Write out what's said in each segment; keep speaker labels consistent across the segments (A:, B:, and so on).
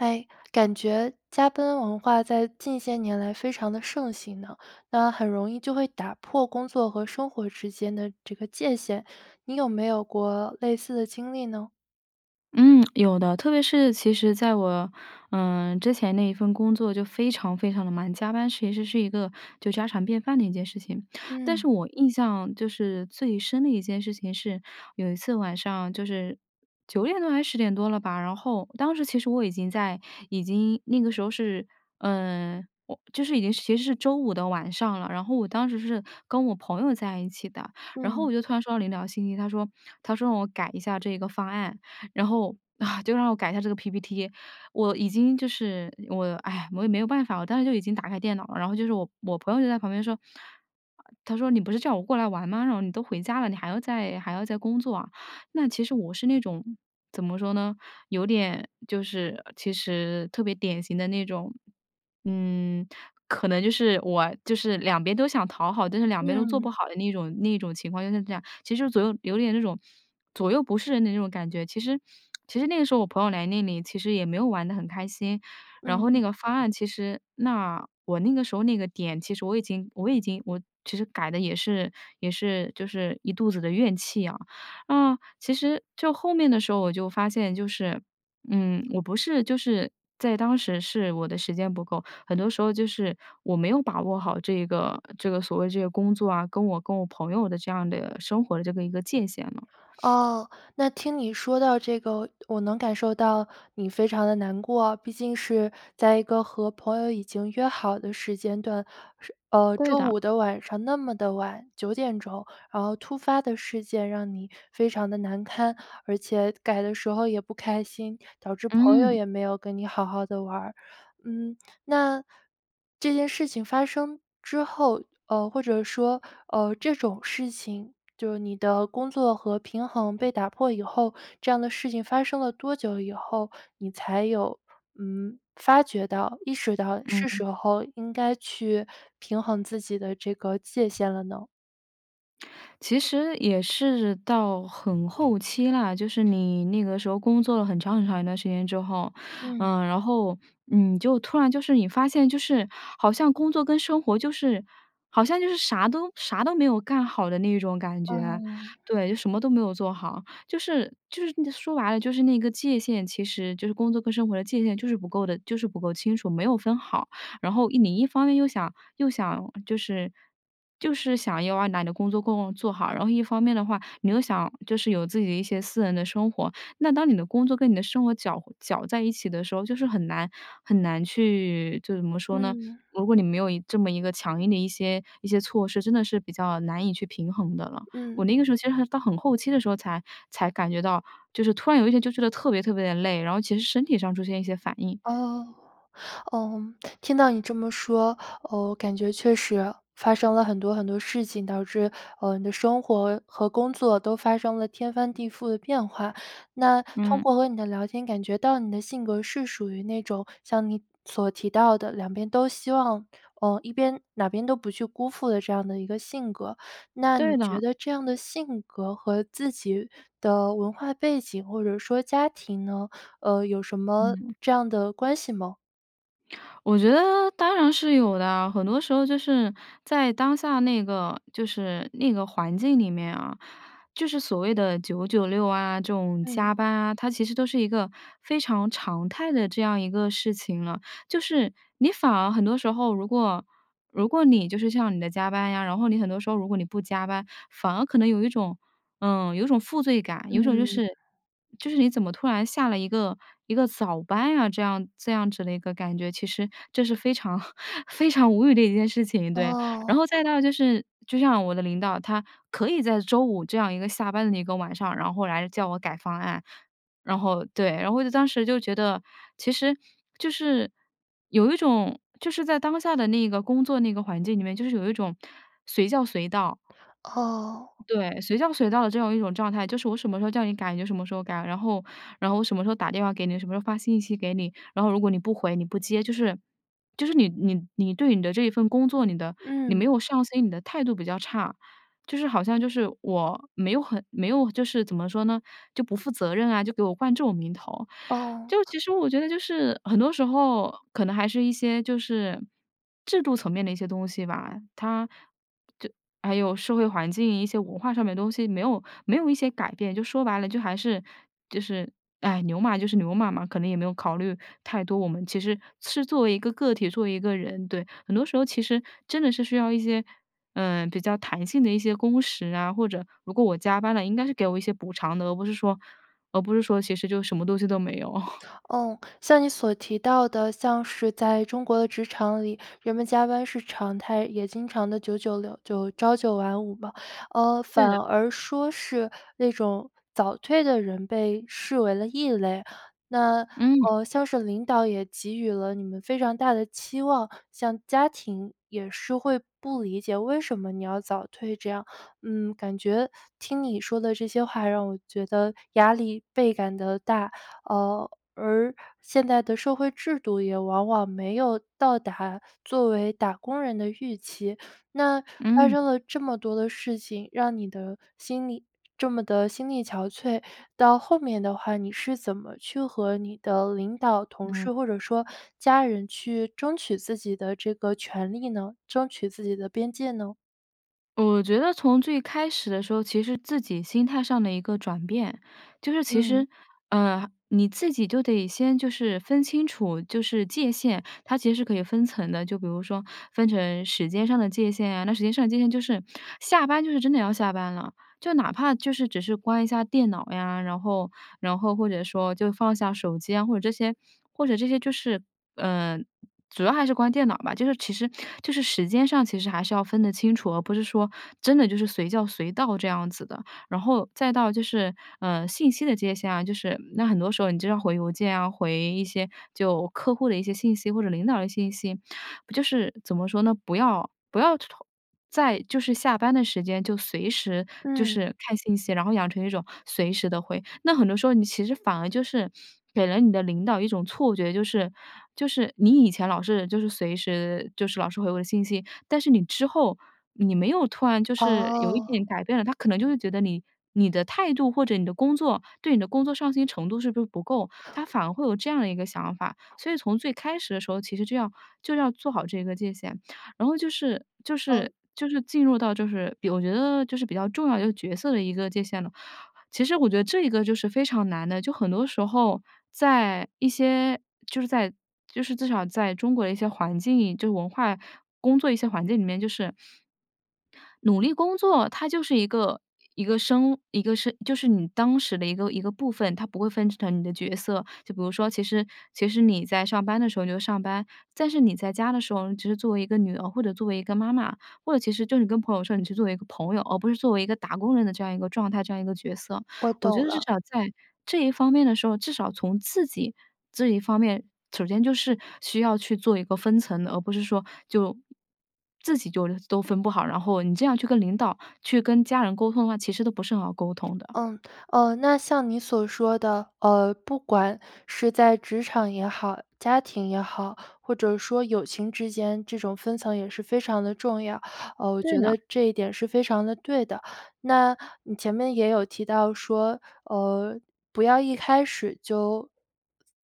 A: 诶，感觉加班文化在近些年来非常地盛行呢，那很容易就会打破工作和生活之间的这个界限，你有没有过类似的经历呢？
B: 嗯，有的，特别是其实在我，嗯，之前那一份工作就非常非常地忙，加班其实是一个就家常便饭的一件事情。但
A: 嗯。
B: 是我印象就是最深的一件事情是有一次晚上就是9点多还是10点多了吧，然后当时其实我已经在已经那个时候是，嗯，我就是已经其实是周五的晚上了。然后我当时是跟我朋友在一起的，然后我
A: 嗯。
B: 就突然收到了一条信息，他说他说让我改一下这个方案，然后，就让我改一下这个 PPT。我已经就是我，唉，我也没有办法，我当时就已经打开电脑了。然后就是我我朋友就在旁边说，啊她说：“你不是叫我过来玩吗？然后你都回家了，你还要再还要再工作啊。”那其实我是那种怎么说呢，有点就是其实特别典型的那种，嗯，可能就是我就是两边都想讨好，但是两边都做
A: 嗯。
B: 不好的那种那种情况就是这样。其实左右有点那种左右不是人的那种感觉，其实其实那个时候我朋友来那里其实也没有玩得很开心。然后
A: 嗯。
B: 那个方案其实那我那个时候那个点，其实我已经我已经我其实改得也是也是就是一肚子的怨气啊。嗯，其实就后面的时候我就发现就是，嗯，我不是就是在当时是我的时间不够，很多时候就是我没有把握好这个这个所谓这个工作啊，跟我跟我朋友的这样的生活的这个一个界限了。
A: 哦，那听你说到这个，我能感受到你非常地难过啊，毕竟是在一个和朋友已经约好的时间段。是呃，
B: 对
A: 周
B: 的。
A: 五的晚上那么的晚，9点钟，然后突发的事件让你非常地难堪，而且改的时候也不开心，导致朋友
B: 嗯。
A: 也没有跟你好好的玩。嗯，那这件事情发生之后，呃，或者说，呃，这种事情，就是你的工作和平衡被打破以后，这样的事情发生了多久以后。你才有，嗯，发觉到，意识到是
B: 嗯。
A: 时候应该去平衡自己的这个界限了呢？
B: 其实也是到很后期啦，就是你那个时候工作了很长很长一段时间之后，
A: 嗯。
B: 呃，然后，你就突然就是你发现，就是好像工作跟生活就是好像就是啥都啥都没有干好的那种感觉，
A: 嗯。
B: 对，就什么都没有做好。就是就是你说白了，就是那个界限其实，就是工作跟生活的界限，就是不够的就是不够清楚，没有分好。然后你一方面又想又想就是就是想要把你的工作工做好，然后一方面的话，你又想就是有自己的一些私人的生活。那当你的工作，跟你的生活搅搅在一起的时候，就是很难很难去就怎么说呢，
A: 嗯。
B: 如果你没有一这么一个强硬的一些一些措施，真的是比较难以去平衡的了。我
A: 嗯。
B: 那个时候，其实还到很后期的时候，才才感觉到，就是突然有一天，就觉得特别特别地累，然后其实身体上出现了一些反应。
A: 哦，嗯，听到你这么说，哦，我感觉确实发生了很多很多事情，导致，啊，你的生活和工作都发生了天翻地覆的变化。那通
B: 嗯。
A: 过和你的聊天，感觉到你的性格是属于那种像你所提到的，两边都希望呃，一边哪边都不去辜负的这样的一个性格。那你
B: 对
A: 觉
B: 的。
A: 得这样的性格，和自己的文化背景，或者说家庭呢，呃，有什么
B: 嗯。
A: 这样的关系吗？
B: 我觉得当然是有的，很多时候就是在当下那个就是那个环境里面啊，就是所谓的九九六啊，这种
A: 嗯。
B: 加班啊，它其实都是一个非常常态的这样一个事情了。就是你反而很多时候，如果如果你就是像是你的加班呀，然后你很多时候，如果你不加班，反而可能有一种呃，有一种负罪感，有一种就
A: 嗯。
B: 是就是你怎么突然下了一个一个早班啊，这样这样子的一个感觉，其实这是非常 非常无语的一件事情，对。然
A: 哦。
B: 后再到就是就像我的领导，他可以在周五这样一个下班的一个晚上，然后来叫我改方案，然后对。然后我就当时就觉得，其实就是有一种就是在当下的那个工作那个环境里面，就是有一种随叫随到
A: 哦。
B: 对随叫随到的这种一种状态，就是我什么时候叫你改，你就什么时候改，然后然后我什么时候打电话给你，什么时候发信息给你，然后如果你不回、你不接，就是就是你你你对你的这一份工作，你的你没
A: 嗯。
B: 有上心，你的态度比较差。就是好像就是我没有很没有就是怎么说呢，就不负责任啊，就给我冠这种名头。就
A: 哦。
B: 其实我觉得就是很多时候可能还是一些就是制度层面的一些东西吧。它就还有社会环境，一些文化上面的东西，没有没有一些改变，就说白了，就还是就是，哎，牛马就是牛马嘛，可能也没有考虑太多，我们其实是作为一个个体，作为一个人。对，很多时候，其实真的是需要一些，呃，比较弹性的一些工时啊，或者，如果我加班了，应该是给我一些补偿的，而不是说而不是说，其实就什么东西都没有。
A: 哦，像你所提到的，像是在中国的职场里，人们加班是常态，也经常地九九六就朝九晚五吧，呃，
B: 对的。
A: 反而说是那种早退的人，被视为了异类。那，
B: 嗯。
A: 呃，像是领导也给予了你们非常大的期望，像家庭也是会不理解，为什么你要早退，这样。嗯，感觉听你说的这些话，让我觉得压力倍感地大，啊，而现在的社会制度，也往往没有到达作为打工人的预期。那发
B: 嗯。
A: 生了这么多的事情，让你的心力这么地心力憔悴，到后面的话，你是怎么去和你的领导、同
B: 嗯。
A: 事或者说家人，去争取自己的这个权利呢？争取自己的边界呢？
B: 我觉得从最开始的时候，其实自己心态上的一个转变，就是其
A: 嗯。
B: 实呃，你自己就得先就是分清楚，就是界限，它其实是可以分层的，就比如说分成时间上的界限呀，那时间上的界限，就是下班就是真的要下班了，就哪怕就是只是关一下电脑呀，然后然后或者说，就放下手机啊，或者这些或者这些就是，呃，主要还是关电脑吧。就是其实就是时间上，其实还是要分得清楚，而不是说真的就是随叫随到，这样子的。然后再到就是，呃，信息的界限啊，就是那很多时候你就要回邮件啊，回一些就客户的一些信息或者领导的信息，就是怎么说呢，不要不要同在就是下班的时间，就随时就
A: 嗯。
B: 是看信息，然后养成一种随时地会。那很多时候你其实反而就是给了你的领导一种错觉，就是就是你以前老是就是随时就是老是回我的信息，但是你之后，你没有突然就是有一
A: 哦。
B: 点改变了，他可能就会觉得你你的态度，或者你的工作对你的工作上心程度是不是不够？他反而会有这样的一个想法，所以从最开始的时候，其实就要就要做好这个界限。然后就是就
A: 嗯。
B: 是就是进入到，就是比我觉得就是比较重要的角色的一个界限了。其实我觉得这一个就是非常难的，就很多时候，在一些就是在就是至少在中国的一些环境，就是文化工作一些环境里面，就是努力工作，它就是一个一个生一个是就是你当时的一个一个部分，它不会分成你的角色。就比如说，其实其实你在上班的时候，你就上班，但是你在家的时候，你只是作为一个女儿，或者作为一个妈妈，或者其实就是你跟朋友说，你是作为一个朋友，而不是作为一个打工人的，这样一个状态，这样一个角色。
A: 我
B: 我觉
A: 懂
B: 得至
A: 了。
B: 少在这一方面的时候，至少从自己这一方面，首先就是需要去做一个分层的，而不是说就自己就都分不好，然后你这样去跟领导、去跟家人沟通的话，其实都不是很好沟通的。
A: 嗯，呃，那像你所说的，呃，不管是在职场也好，家庭也好，或者说友情之间，这种分层也是非常地重要。呃，我
B: 对
A: 觉
B: 的。
A: 得这一点是非常地对的，那你前面也有提到说，呃，不要一开始就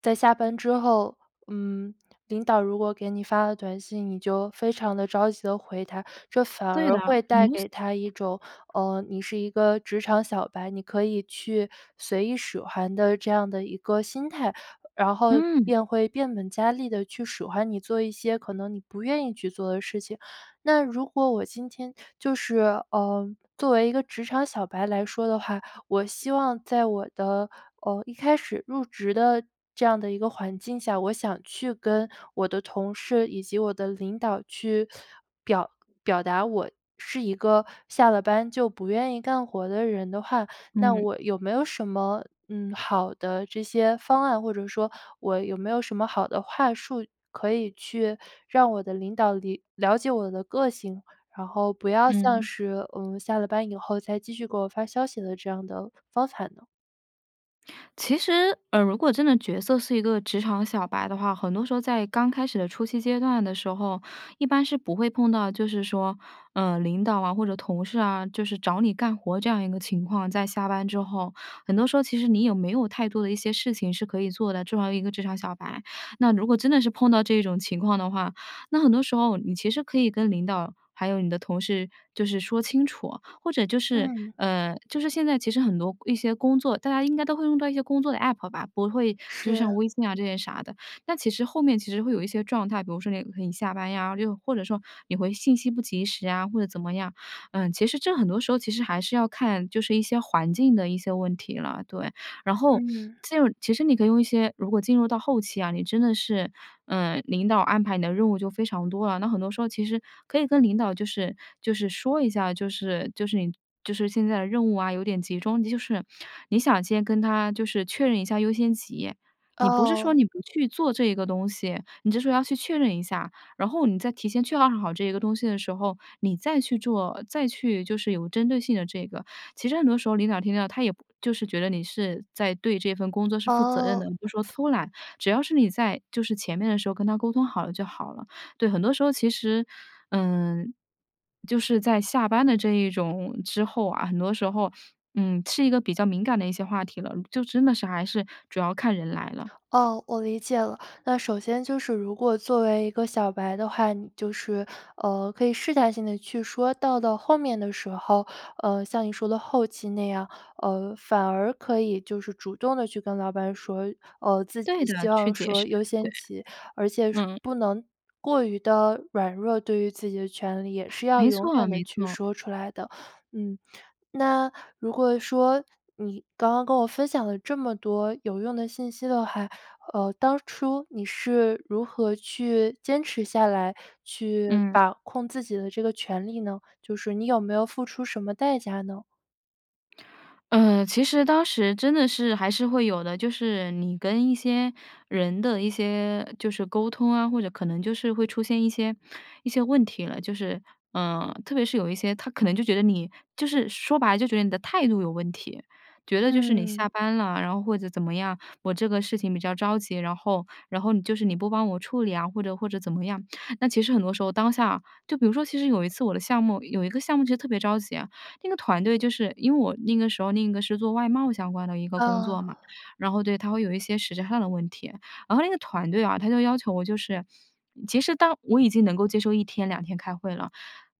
A: 在下班之后，嗯，领导如果给你发了短信，你就非常地着急地回他，这反
B: 对的，
A: 而
B: 很多
A: 会带给他一
B: 西
A: 种，呃，你是一个职场小白，你可以去随意使唤的，这样的一个心态。然后
B: 嗯。
A: 便会变本加厉地去使唤你，做一些可能你不愿意去做的事情。那如果我今天就是呃，作为一个职场小白来说的话，我希望在我的，呃，一开始入职的这样的一个环境下，我想去跟我的同事，以及我的领导，去表表达我是一个下了班就不愿意干活的人的话，那
B: 嗯。
A: 我有没有什么，嗯，好的这些方案，或者说，我有没有什么好的话术，可以去让我的领导里了解我的个性，然后，不要像
B: 嗯。
A: 是，嗯，下了班以后，再继续给我发消息的这样的方法呢？
B: 其实，呃，如果真的角色是一个职场小白的话，很多时候在刚开始的初期阶段的时候，一般是不会碰到，就是说，呃，领导啊、或者同事啊，就是找你干活，这样一个情况，在下班之后。很多时候，其实你也没有太多的一些事情是可以做的，作为一个职场小白。那如果真的是碰到这种情况的话，那很多时候你其实可以跟领导，还有你的同事，就是说清楚。或者就是
A: 嗯。
B: 呃，就是现在其实很多一些工作，大家应该都会用到一些工作的 APP 吧，不会就像
A: 是。
B: 微信啊这些啥的。但其实后面其实会有一些状态，比如说你可以下班呀，又或者说你回信息不及时啊，或者怎么样。嗯，其实这很多时候，其实还是要看就是一些环境的一些问题啦，对。然后，
A: 嗯。
B: 进入其实你可以用一些如果进入到后期啊，你真的是，呃，领导安排你的任务就非常多了。那很多时候，其实可以跟领导就是就是说一下，就是就是你就是现在的任务啊，有点集中，就是你想先跟他就是确认一下优先级。你不是说
A: 哦。
B: 你不去做这个东西，你这时候要去确认一下，然后你在提前确认好这一个东西的时候，你再去做，再去就是有针对性的这个。其实很多时候领导听到，他也就是觉得你是在对这份工作，是负责任
A: 哦。
B: 的，你不说偷懒。只要是你在就是前面的时候，跟他沟通好了就好了。对，很多时候其实嗯，就是在下班的这一种之后啊，很多时候，嗯，是一个比较敏感的一些话题了，就真的是还是主要看人来了。
A: 哦，我理解了。那首先就是如果作为一个小白的话，你就是，呃，可以试探性地去说。到了后面的时候，呃，像你说的后期那样，呃，反而可以就是主动地去跟老板说，呃，自己
B: 对的，
A: 希
B: 去
A: 望
B: 解
A: 说
B: 释，
A: “优
B: 对，
A: 先级”，而且是
B: 嗯。
A: 不能过于地软弱，对于自己的权利，是要
B: 没
A: 勇
B: 错
A: 敢地
B: 没
A: 去
B: 错。
A: 说出来的。嗯，那如果说，你刚刚跟我分享了这么多有用的信息的话，呃，当初你是如何去坚持下来，去
B: 嗯。
A: 把控自己的这个权利呢？就是，你有没有付出什么代价呢？
B: 呃，其实当时真的是还是会有的。就是你跟一些人的一些就是沟通啊，或者可能就是会出现一些一些问题了。就是，呃，特别是有一些，他可能就觉得你就是说白了就觉得你的态度有问题。觉得就是你
A: 嗯。
B: 下班了，然后或者怎么样，我这个事情比较着急，然后然后你就是你不帮我处理啊，或者或者怎么样。那其实很多时候当下就比如说其实有一次我的项目有一个项目就特别着急啊，那个团队就是因为我那个时候那个一个是做外贸相关的一个工
A: 哦。
B: 作嘛。然后，对，它会有一些实质上的问题，然后那个团队啊，它就要求我就是其实当我已经能够接受1天2天开会了，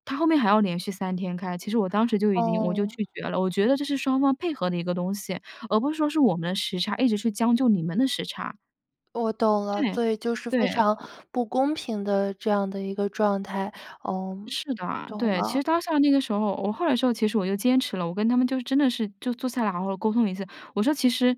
B: 它后面还要连续3天开。其实我当时就已经我就
A: 哦。
B: 拒绝了，我觉得这是双方配合的一个东西，而不是说是我们的时差，一直是将就你们的时差。
A: 我懂了，
B: 对，
A: 所以就是
B: 对
A: 非常
B: 的。
A: 不公平的这样的一个状态。嗯，
B: 是的，
A: 懂
B: 对。其
A: 了。
B: 实当下那个时候，我后来说其实我就坚持了，我跟他们就真的是就坐下来了好好沟通了一下。我说其实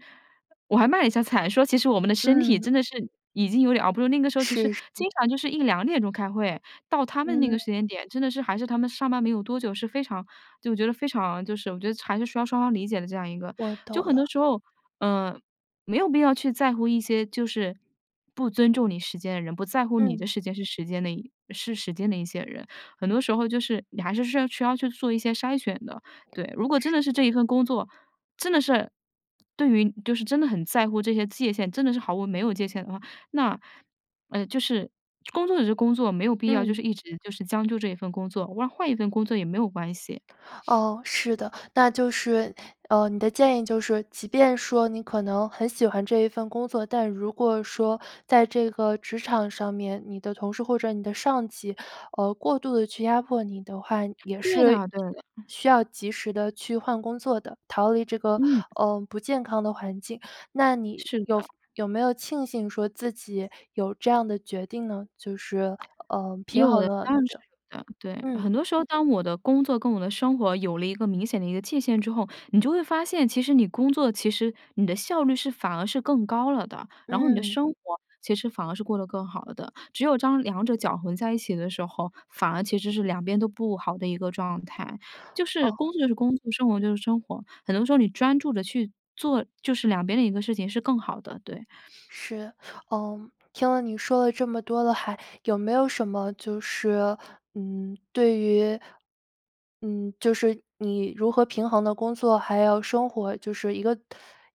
B: 我还卖了一下惨，说其实我们的身体
A: 嗯。
B: 真的是已经有点熬不住。那个时候其实
A: 是是。
B: 经常就是1-2点钟开会，到他们那个
A: 嗯。
B: 时间点，真的是还是他们上班没有多久，是非常就觉得非常就是我觉得还是需要双方理解的这样一个。
A: 我
B: 就
A: 懂
B: 很
A: 了。
B: 多时候，呃，没有必要去在乎一些就是不尊重你时间的人，不在乎你的
A: 嗯。
B: 时间是时间的是时间的一些人。很多时候，就是你还是需要去做一些筛选的。对，如果真
A: 是
B: 的是
A: 的。
B: 这一份工作真的是，对于就是真的很在乎这些界限，真的是毫无没有界限的话，那，呃，就是工作就是工作，没有必要就
A: 嗯。
B: 是一直就是将就这一份工作，换换一份工作也没有关系。
A: 哦，是的。那就是，嗯，你的建议就是，即便说你可能很喜欢这一份工作，但如果说在这个职场上面，你的同事或者你的上级，呃，过度地去压迫你的话，也
B: 对
A: 是需
B: 的对的。
A: 需要及时地去换工作的，逃离这个，
B: 嗯。
A: 呃，不健康的环境。那你
B: 是
A: 有
B: 的。
A: 有没有庆幸说自己有这样的决定呢？就是，呃，平
B: 有
A: 衡
B: 的，
A: 了
B: 当
A: 你
B: 然是
A: 的
B: 有的，对。
A: 嗯。
B: 很多时候，当我的工作跟我的生活有了一个明显的一个界限之后，你就会发现，其实你工作其实你的效率是反而是更高了的，然后你的
A: 嗯。
B: 生活其实反而是过得更好的。只有当两者搅混在一起的时候，反而其实是两边都不好的一个状态。就是工
A: 哦。
B: 作就是工作，生活就是生活。很多时候，你专注地去做，就是两边的一个事情是更好的。对。
A: 是，呃，听了你说了这么多的还有没有什么就是，嗯，对于，嗯，就是你如何平衡的工作还有生活，就是一个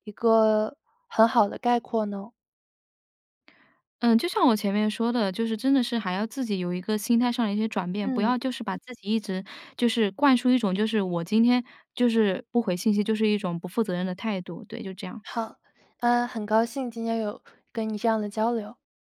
A: 一个很好的概括呢？
B: 嗯，就像我前面说的，就是真的是还要自己有一个心态上的一些转变。不
A: 嗯。
B: 要就是把自己一直就是灌输一种，就是我今天就是不回信息，就是一种不负责任的态度。对，就这样。
A: 好，嗯，很高兴今天有跟你这样的交流。